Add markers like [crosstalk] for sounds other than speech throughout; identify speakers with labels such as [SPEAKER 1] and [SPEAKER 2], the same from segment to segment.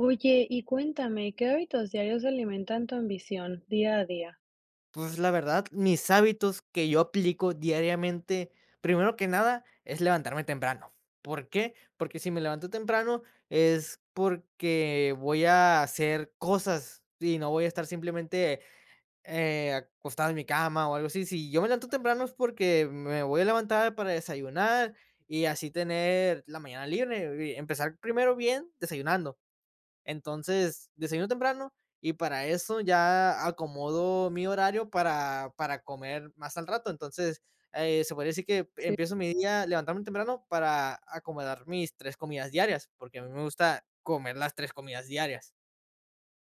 [SPEAKER 1] Oye, y cuéntame, ¿qué hábitos diarios alimentan tu ambición día a día?
[SPEAKER 2] Pues, la verdad, mis hábitos que yo aplico diariamente, primero que nada, es levantarme temprano, ¿por qué?, porque si me levanto temprano es porque voy a hacer cosas y no voy a estar simplemente, eh, acostado en mi cama o algo así. Si yo me levanto temprano es porque me voy a levantar para desayunar y así tener la mañana libre. Y, empezar primero bien, desayunando. Entonces desayuno temprano y para eso ya acomodo mi horario para para comer más al rato. Entonces, eh, se podría decir que
[SPEAKER 1] Si.
[SPEAKER 2] empiezo mi día levantándome temprano para acomodar mis 3 comidas diarias, porque a mí me gusta comer las 3 comidas diarias.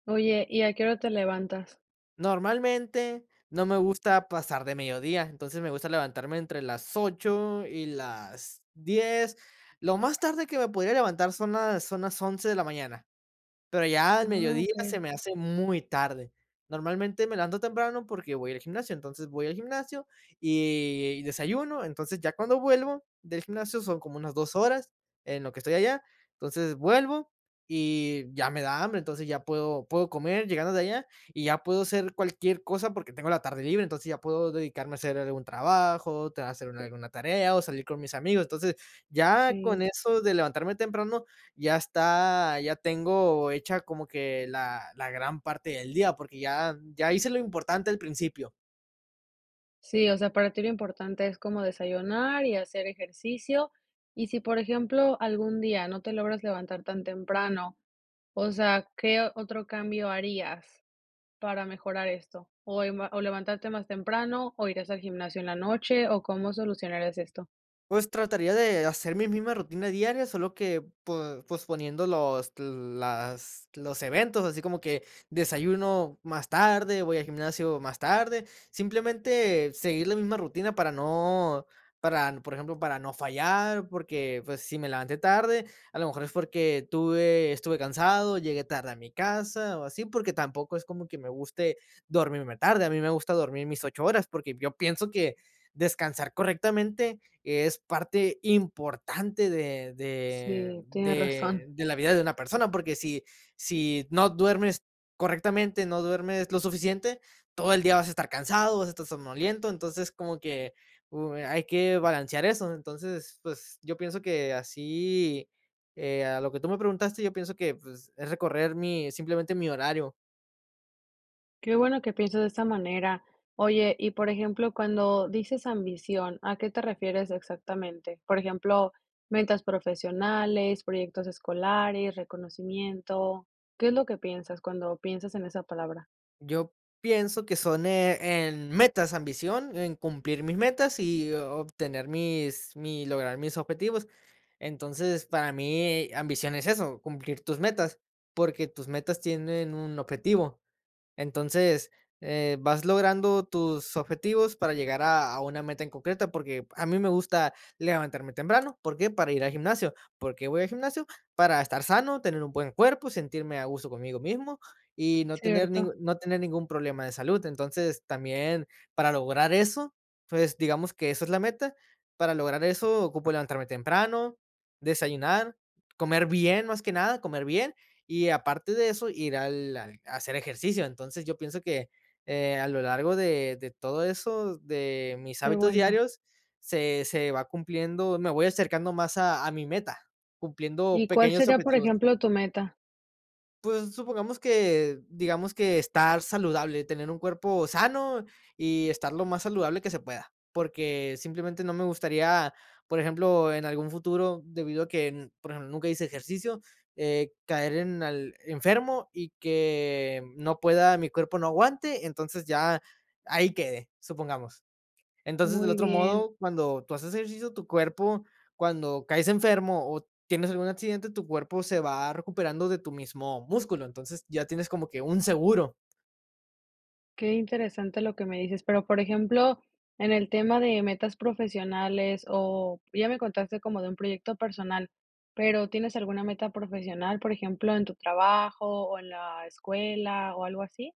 [SPEAKER 1] Oye, ¿y a qué hora te levantas?
[SPEAKER 2] Normalmente, no me gusta pasar de mediodía, entonces me gusta levantarme entre las 8:00 y las 10:00. Lo más tarde que me podría levantar son las son las 11:00 de la mañana, pero ya al
[SPEAKER 1] Ah,
[SPEAKER 2] mediodía
[SPEAKER 1] okey.
[SPEAKER 2] se me hace muy tarde. Normalmente me levanto temprano porque voy al gimnasio. Entonces voy al gimnasio y y desayuno. Entonces ya cuando vuelvo del gimnasio son como unas 2 horas en lo que estoy allá. Entonces vuelvo y ya me da hambre. Entonces ya puedo puedo comer llegando de allá y ya puedo hacer cualquier cosa porque tengo la tarde libre. Entonces ya puedo dedicarme a hacer algún trabajo, tener hacer algu alguna tarea o salir con mis amigos. Entonces, ya con
[SPEAKER 1] Si.
[SPEAKER 2] eso de levantarme temprano, ya está, ya tengo hecha como que la la gran parte del día, porque ya, ya hice lo importante al principio.
[SPEAKER 1] Sí, o sea, para ti lo importante es como desayunar y hacer ejercicio. Y si, por ejemplo, algún día no te logras levantar tan temprano, o sea, ¿qué otro cambio harías para mejorar esto? ¿O, eh, ma o levantarte más temprano o irías al gimnasio en la noche? ¿O cómo solucionarías esto?
[SPEAKER 2] Pues trataría de hacer mi misma rutina diaria, solo que po posponiendo los las los eventos, así como que desayuno más tarde, voy a gimnasio más tarde. Simplemente seguir la misma rutina para no para, por ejemplo, para no fallar, porque, pues, si me levanté tarde, a lo mejor es porque tuve estuve cansado, llegué tarde a mi casa o así, porque tampoco es como que me guste dormirme tarde. A mí me gusta dormir mis 8 horas, porque yo pienso que descansar correctamente es parte importante de de
[SPEAKER 1] Sí, tiene
[SPEAKER 2] de
[SPEAKER 1] razón.
[SPEAKER 2] de la vida de una persona. Porque si si no duermes correctamente, no duermes lo suficiente, todo el día vas a estar cansado, vas a estar somnoliento. Entonces, como que, uh, hay que balancear eso. Entonces, pues, yo pienso que así, eh, a lo que tú me preguntaste, yo pienso que, pues, es recorrer mi, simplemente mi horario.
[SPEAKER 1] Qué bueno que piensas de esta manera, oye, y, por ejemplo, cuando dices ambición, ¿a qué te refieres exactamente?, por ejemplo, ¿ventas profesionales, proyectos escolares, reconocimiento? ¿Qué es lo que piensas cuando piensas en esa palabra?
[SPEAKER 2] Yo pienso que son, eh, en metas ambición, en cumplir mis metas y o obtener mis mi lograr mis objetivos. Entonces, para mí, ambición es eso, cumplir tus metas, porque tus metas tienen un objetivo, entonces, eh, vas logrando tus objetivos para llegar a a una meta en concreta, porque a mí me gusta levantarme temprano, ¿por qué?, para ir al gimnasio, ¿por qué voy al gimnasio?, para estar sano, tener un buen cuerpo, sentirme a gusto conmigo mismo y no tener
[SPEAKER 1] Cierto.
[SPEAKER 2] ningún no tener ningún problema de salud, entonces, también para lograr eso, pues, digamos que esa es la meta, para lograr eso ocupo levantarme temprano, desayunar, comer bien, más que nada, comer bien y aparte de eso, ir al al hacer ejercicio, entonces, yo pienso que, eh, a lo largo de de todo eso, de mis
[SPEAKER 1] Qué
[SPEAKER 2] hábitos
[SPEAKER 1] bueno.
[SPEAKER 2] diarios, se se va cumpliendo me voy acercando más a a mi meta, cumpliendo
[SPEAKER 1] ¿Y cuál
[SPEAKER 2] pequeños
[SPEAKER 1] sería, por
[SPEAKER 2] objetivos.
[SPEAKER 1] ejemplo, tu meta?
[SPEAKER 2] Pues, supongamos que digamos que estar saludable, tener un cuerpo sano y estar lo más saludable que se pueda. Porque, simplemente, no me gustaría, por ejemplo, en algún futuro, debido a que, n por ejemplo, nunca hice ejercicio, eh, caer en al enfermo y que no pueda mi cuerpo no aguante, entonces ya ahí quede, supongamos. Entonces, del
[SPEAKER 1] Muy
[SPEAKER 2] otro
[SPEAKER 1] bien.
[SPEAKER 2] modo, cuando tú haces ejercicio, tu cuerpo, cuando caes enfermo o tienes algún accidente, tu cuerpo se va recuperando de tu mismo músculo. Entonces, ya tienes como que un seguro.
[SPEAKER 1] Qué interesante lo que me dices. Pero, por ejemplo, en el tema de metas profesionales o ya me contaste como de un proyecto personal, pero, ¿tienes alguna meta profesional, por ejemplo, en tu trabajo o en la escuela o algo así?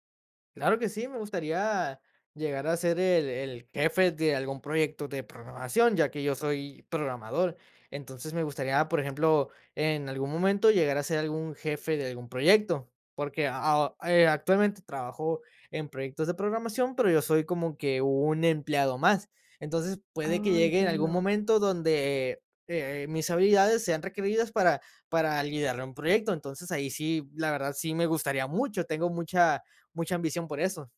[SPEAKER 2] Claro que sí. Me gustaría llegar a ser el el jefe de algún proyecto de programación, ya que yo soy programador. Entonces, me gustaría, por ejemplo, en algún momento llegar a ser algún jefe de algún proyecto. Porque aho eh, actualmente, trabajo en proyectos de programación, pero yo soy como que un empleado más. Entonces, puede que
[SPEAKER 1] Ah,
[SPEAKER 2] llegue en algún
[SPEAKER 1] entiendo.
[SPEAKER 2] momento donde, eh eh, mis habilidades sean requeridas para para liderar un proyecto. Entonces ahí sí, la verdad, sí me gustaría mucho. Tengo mucha mucha ambición por eso.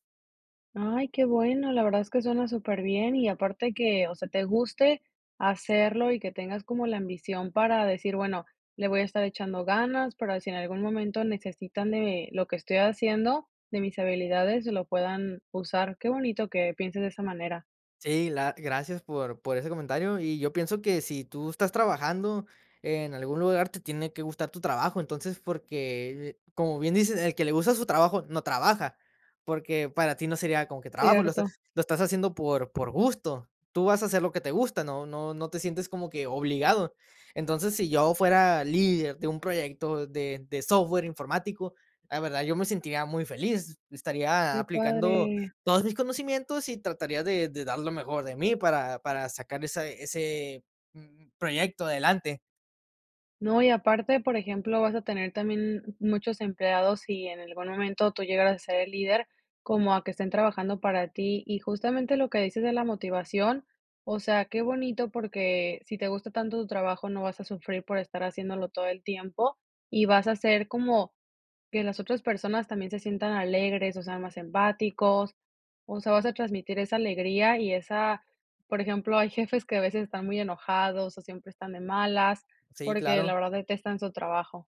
[SPEAKER 1] Ay, qué bueno, la verdad es que suena superbién y aparte que, o sea, te guste, hacerlo y que tengas como la ambición para decir: "Bueno, le voy a estar echando ganas, para si en algún momento necesitan de lo que estoy haciendo, de mis habilidades, lo puedan usar". Qué bonito que pienses de esa manera.
[SPEAKER 2] Sí, la gracias por por ese comentario, y yo pienso que si tú estás trabajando en algún lugar, te tiene que gustar tu trabajo, entonces, porque, como bien dices, el que le gusta su trabajo no trabaja, porque para ti no sería como que trabajo, lo est
[SPEAKER 1] Cierto.
[SPEAKER 2] lo estás haciendo por por gusto, tú vas a hacer lo que te gusta, no no no te sientes como que obligado, entonces, si yo fuera líder de un proyecto de de software informático, la verdad yo me sentiría muy feliz, estaría
[SPEAKER 1] Qué
[SPEAKER 2] aplicando
[SPEAKER 1] padre.
[SPEAKER 2] todos mis conocimientos y trataría de de dar lo mejor de mí para para sacar esa ese mm, proyecto adelante.
[SPEAKER 1] No, y aparte, por ejemplo, vas a tener también, muchos empleados, y en algún momento tú llegaras a ser el líder, como a que estén trabajando para ti, y justamente lo que dices de la motivación, o sea, qué bonito, porque, si te gusta tanto tu trabajo no vas a sufrir por estar haciéndolo todo el tiempo, y vas a ser como que las otras personas también se sientan alegres o sean más empáticos, o sea, vas a transmitir esa alegría y esa por ejemplo, hay jefes que a veces están muy enojados o siempre están de malas,
[SPEAKER 2] Sí,
[SPEAKER 1] porque
[SPEAKER 2] claro.
[SPEAKER 1] la verdad detestan su trabajo.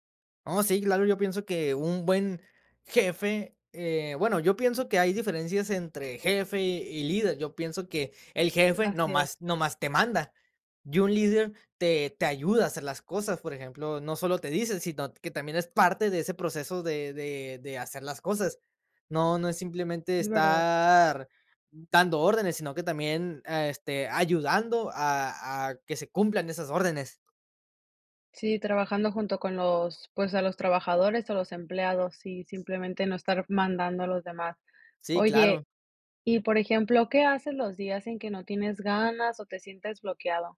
[SPEAKER 2] Oh, sí, claro, yo pienso que un buen jefe, eh, bueno, yo pienso que hay diferencias entre jefe y líder, yo pienso que el jefe
[SPEAKER 1] Así
[SPEAKER 2] nomás
[SPEAKER 1] es.
[SPEAKER 2] nomás te manda. Y un líder te te ayuda a hacer las cosas. Por ejemplo, no solo te dice, sino, que también es parte de ese proceso de de de hacer las cosas. No no es simplemente
[SPEAKER 1] Es verdad.
[SPEAKER 2] estar dando órdenes, sino que también, ah, este, ayudando a a que se cumplan esas órdenes.
[SPEAKER 1] Sí, trabajando junto con los, pues, a los trabajadores, o los empleados, y simplemente no estar mandando a los demás.
[SPEAKER 2] Sí, claro.
[SPEAKER 1] Oye, y por ejemplo, ¿qué haces los días en que no tienes ganas, o te sientes bloqueado?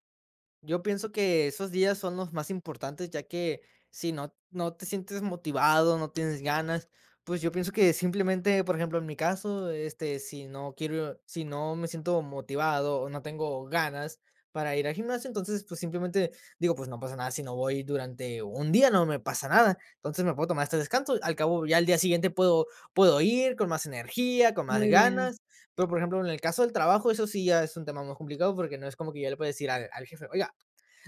[SPEAKER 2] Yo pienso que esos días son los más importantes, ya que si no no te sientes motivado, no tienes ganas, pues, yo pienso que simplemente, por ejemplo, en mi caso, este, si no quiero si no me siento motivado o no tengo ganas para ir al gimnasio, entonces, pues, simplemente, digo, pues, no pasa nada, si no voy durante un día no me pasa nada. Entonces, me puedo tomar este descanso, al cabo ya al día siguiente puedo puedo ir con más energía, con más
[SPEAKER 1] Muy bien.
[SPEAKER 2] ganas. Pero, por ejemplo, en el caso del trabajo, eso sí ya es un tema más complicado, porque, no es como que yo le pueda decir al al jefe: "Oiga,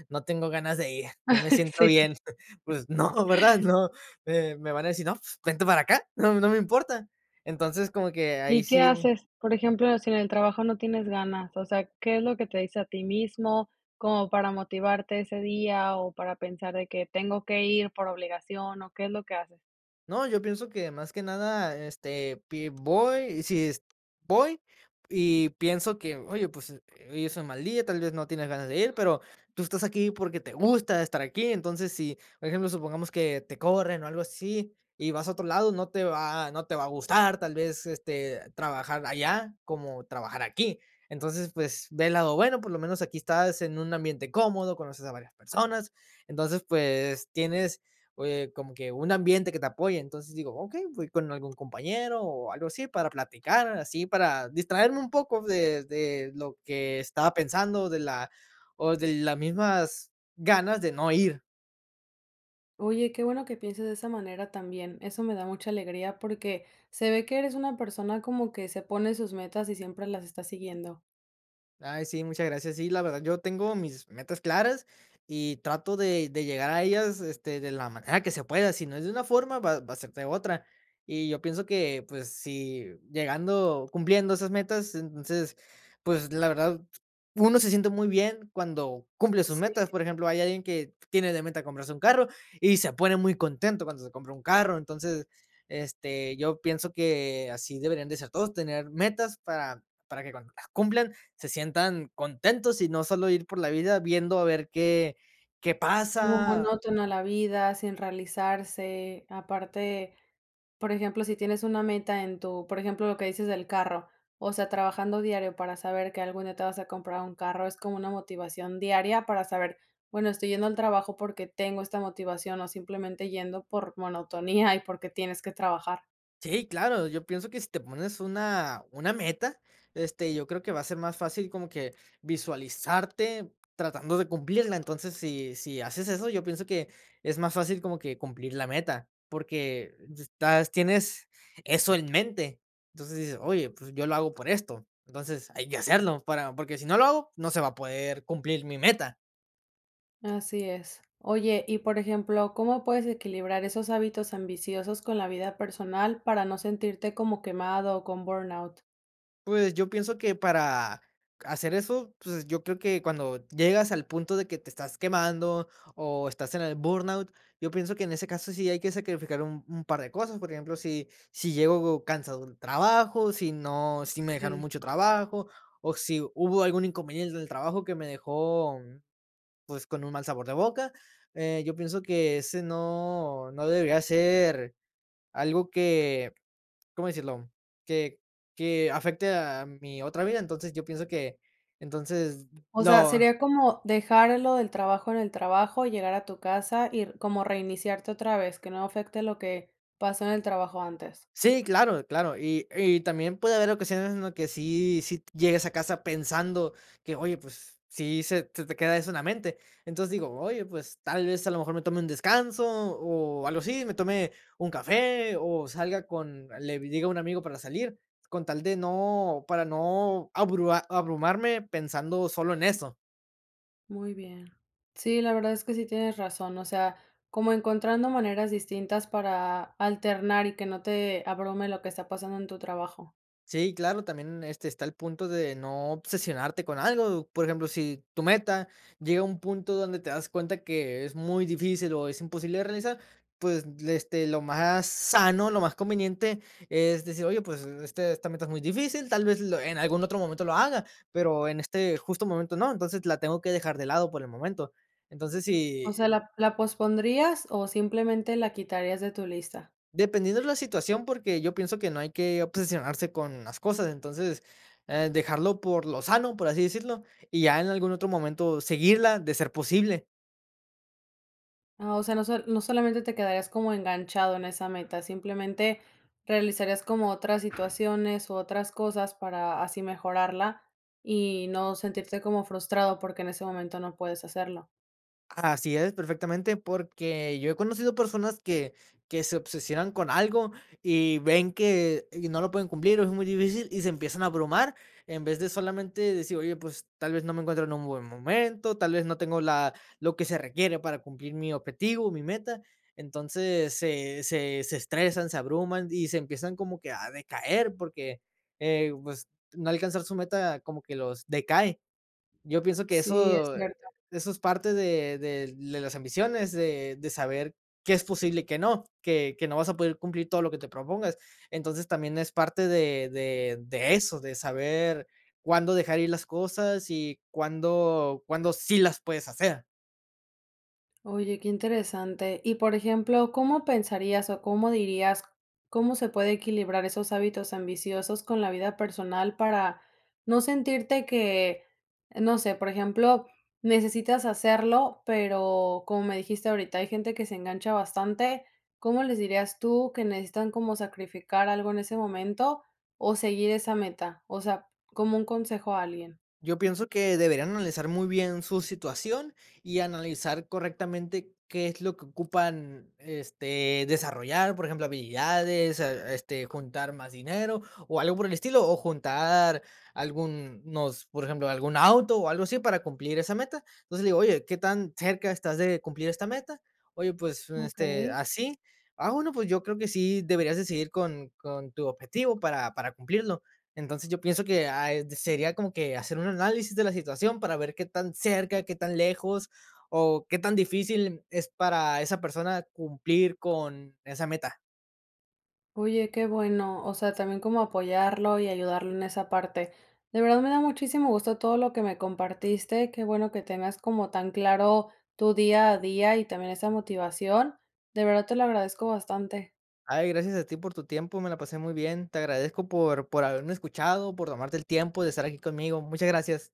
[SPEAKER 2] no tengo ganas de ir, no me
[SPEAKER 1] [chuckles]
[SPEAKER 2] siento
[SPEAKER 1] Sí.
[SPEAKER 2] bien". [chuckles] Pues
[SPEAKER 1] [chuckles]
[SPEAKER 2] no, ¿verdad?, no, me me van a decir: "No, f vente para acá. No, no me importa". Entonces, como que ahí
[SPEAKER 1] ¿Y qué
[SPEAKER 2] sí
[SPEAKER 1] haces? Por ejemplo, si en el trabajo no tienes ganas, o sea, ¿qué es lo que te dices a ti mismo? Como para motivarte ese día, o para pensar de que tengo que ir por obligación, ¿o qué es lo que haces?
[SPEAKER 2] No, yo pienso que más que nada, este, pi voy, si es voy, y pienso que, oye, pues, eh, hoy es un mal día, tal vez no tienes ganas de ir, pero, tú estás aquí porque te gusta estar aquí, entonces si, por ejemplo, supongamos que te corren o algo así, y vas a otro lado, no te va no te va a gustar, tal vez, este, trabajar allá, como trabajar aquí. Entonces, pues, ve el lado, bueno, por lo menos aquí estás en un ambiente cómodo, conoces a varias personas. Entonces, pues, tienes, eh, como que un ambiente que te apoye. Entonces, digo, okey, voy con algún compañero o algo así para platicar, así para distraerme un poco de de lo que estaba pensando, de la o de las mismas ganas de no ir.
[SPEAKER 1] Oye, qué bueno que pienses de esa manera también, eso me da mucha alegría, porque, se ve que eres una persona como que se pone sus metas y siempre las está siguiendo.
[SPEAKER 2] Ay, sí, muchas gracias. Sí, la verdad yo tengo mis metas claras y trato de de llegar a ellas, este, de la manera que se pueda. Si no es de una forma, va va a ser de otra. Y yo pienso que, pues, si llegando cumpliendo esas metas, entonces, pues, la verdad, uno se siente muy bien cuando cumple sus metas.
[SPEAKER 1] Si.
[SPEAKER 2] Por ejemplo, hay alguien que tiene de meta comprarse un carro y se pone muy contento cuando se compra un carro. Entonces, este, yo pienso que así deberían de ser todos, tener metas para para que cuando las cumplan se sientan contentos y no solo ir por la vida viendo a ver qué qué
[SPEAKER 1] Como
[SPEAKER 2] pasa.
[SPEAKER 1] monótona la vida, sin realizarse. Aparte, por ejemplo, si tienes una meta en tu por ejemplo, lo que dices del carro, o sea, trabajando diario para saber que algún día te vas a comprar un carro, es como una motivación diaria para saber, bueno, estoy yendo al trabajo, porque, tengo esta motivación, o simplemente yendo por monotonía y porque tienes que trabajar.
[SPEAKER 2] Sí, claro, yo pienso que si te pones una una meta, este, yo creo que va a ser más fácil como que visualizarte tratando de cumplirla, entonces, si si haces eso, yo pienso que es más fácil como que cumplir la meta, porque, estás tienes eso en mente, entonces dices: "Oye, pues, yo lo hago por esto", entonces hay que hacerlo, para porque, si no lo hago, no se va a poder cumplir mi meta.
[SPEAKER 1] Así es, oye, y por ejemplo, ¿cómo puedes equilibrar esos hábitos ambiciosos, con la vida personal para no sentirte como quemado, o con burnout?
[SPEAKER 2] Pues, yo pienso que para hacer eso, pues, yo creo que cuando llegas al punto de que te estás quemando, o estás en el burnout, yo pienso que en ese caso sí hay que sacrificar un un par de cosas, por ejemplo, si si llego cansado de un trabajo, si no si me dejaron
[SPEAKER 1] Sí.
[SPEAKER 2] mucho trabajo, o si hubo algún inconveniente en el trabajo que me dejó, pues, con un mal sabor de boca, eh, yo pienso que ese no no debería ser algo que, ¿cómo decirlo?, que que afecte a mi otra vida, entonces, yo pienso que, entonces,
[SPEAKER 1] O sea,
[SPEAKER 2] lo
[SPEAKER 1] sería como dejar lo del trabajo, en el trabajo, llegar a tu casa, y r como reiniciarte otra vez, que no afecte lo que pasó en el trabajo antes.
[SPEAKER 2] Sí, claro claro, y y también, puede haber ocasiones en lo que sí sí t llegues a casa pensando que oye, pues, sí se se te queda eso en la mente, entonces digo: "Oye, pues, tal vez, a lo mejor me tome un descanso", o algo así, me tome un café, o salga con le diga un amigo para salir, con tal de no para no abrua abrumarme pensando solo en eso.
[SPEAKER 1] Muy bien. Sí, la verdad es que sí tienes razón, o sea, como encontrando maneras distintas para alternar y que no te abrume lo que está pasando en tu trabajo.
[SPEAKER 2] Sí, claro, también, este, está el punto de no obsesionarte con algo. Por ejemplo, si tu meta llega a un punto donde te das cuenta que es muy difícil o es imposible de realizar, pues, le este, lo más sano, lo más conveniente es decir: "Oye, pues, este, esta meta es muy difícil, tal vez, lo en algún otro momento lo haga, pero en este justo momento no, entonces, la tengo que dejar de lado por el momento". Entonces
[SPEAKER 1] O sea,
[SPEAKER 2] si
[SPEAKER 1] ¿la la pospondrías o simplemente la quitarías de tu lista?
[SPEAKER 2] Dependiendo la situación, porque yo pienso que no hay que obsesionarse con las cosas, entonces, eh, dejarlo por lo sano, por así decirlo, y ya en algún otro momento seguirla de ser posible.
[SPEAKER 1] Ah, o sea, no sol no solamente te quedarías como enganchado en esa meta, simplemente, realizarías como otras situaciones o otras cosas para así mejorarla, y no sentirte como frustrado porque en ese momento no puedes hacerlo.
[SPEAKER 2] Así es perfectamente, porque yo he conocido personas que que se obsesionan con algo y ven que y no lo pueden cumplir, o es muy difícil, y se empiezan a abrumar, en vez de solamente decir: "Oye, pues, tal vez, no me encuentro en un buen momento, tal vez, no tengo la lo que se requiere para cumplir mi objetivo o mi meta". Entonces, se se se estresan, se abruman y se empiezan como que a decaer, porque, eh, pues, no alcanzar su meta como que los decae. Yo pienso que
[SPEAKER 1] Sí, es
[SPEAKER 2] eso
[SPEAKER 1] cierto.
[SPEAKER 2] eso es parte de de de las ambiciones, de de saber qué es posible y qué no, que que no vas a poder cumplir todo lo que te propongas. Entonces, también es parte de de de eso, de saber cuándo dejar ir las cosas y cuándo cuándo sí las puedes hacer.
[SPEAKER 1] Oye, qué interesante. Y, por ejemplo, ¿cómo pensarías o cómo dirías como se puede equilibrar esos hábitos ambiciosos con la vida personal?, para no sentirte que, no sé, por ejemplo, necesitas hacerlo, pero como me dijiste ahorita, hay gente que se engancha bastante. ¿Cómo les dirías tú que necesitan como sacrificar algo en ese momento o seguir esa meta? O sea, como un consejo a alguien.
[SPEAKER 2] Yo pienso que deberían analizar muy bien su situación y analizar correctamente qué es lo que ocupan, este, desarrollar, por ejemplo, habilidades, ah, este, juntar más dinero o algo por el estilo, o juntar algún nos por ejemplo, algún auto o algo así para cumplir esa meta. Entonces, le digo: "Oye, ¿qué tan cerca estás de cumplir esta meta?". "Oye, pues, este,
[SPEAKER 1] Okey.
[SPEAKER 2] así". "Ah, bueno, pues yo creo que sí deberías de seguir con con tu objetivo para para cumplirlo". Entonces, yo pienso que, ah, eh, sería como que hacer un análisis de la situación para ver qué tan cerca, qué tan lejos o qué tan difícil n es para esa persona cumplir con esa meta.
[SPEAKER 1] Oye, qué bueno. O sea, también como apoyarlo y ayudarlo en esa parte. De verdad, me da muchísimo gusto todo lo que me compartiste. Qué bueno que tengas como tan claro tu día a día, y también esa motivación. De verdad, te lo agradezco bastante.
[SPEAKER 2] Ay, gracias a ti por tu tiempo, me la pasé muy bien. Te agradezco por por haberme escuchado, por tomarte el tiempo de estar aquí conmigo. Muchas gracias.